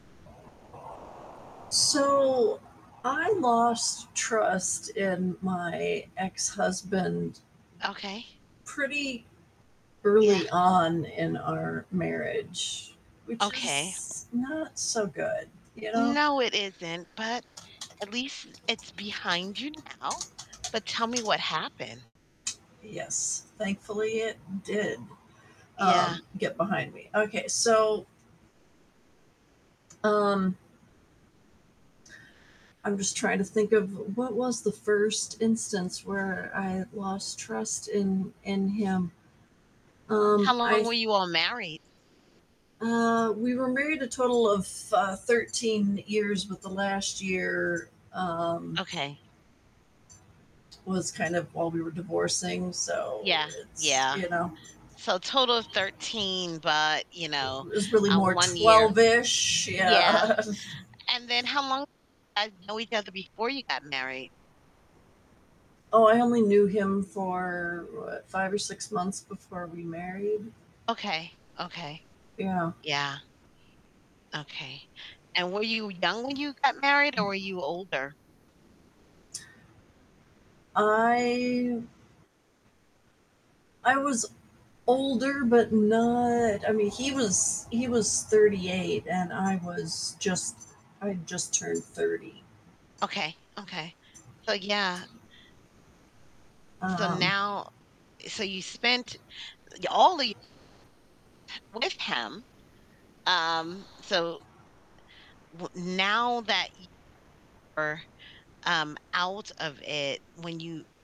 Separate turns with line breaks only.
So I lost trust in my ex-husband
Okay.
pretty
Yeah.
early on in our marriage, which
Okay.
is not so good, you know?
No, it isn't, but at least it's behind you now. But tell me what happened.
Yes, thankfully, it did,
Yeah.
um get behind me. Okay. So Um I'm just trying to think of what was the 1st instance where I lost trust in in him. Um,
How long
I
were you all married?
Uh, we were married a total of, uh, 13 years, but the last year, um
Okay.
was kind of while we were divorcing. So
Yeah,
it's,
yeah.
you know.
So total of 13, but, you know,
Was really
um,
more
1 year
twelve-ish
Yeah.
Yeah.
And then how long guys know each other before you got married?
Oh, I only knew him for, what, 5 or 6 months before we married.
Okay, okay,
Yeah.
yeah. Okay. And were you young when you got married, or were you older?
I I was older, but not I mean, he was he was 38, and I was just I just turned 30.
Okay, okay. So yeah. So
Um
now so you spent y all of you with him, um, so w now that y ...er, um, out of it, when you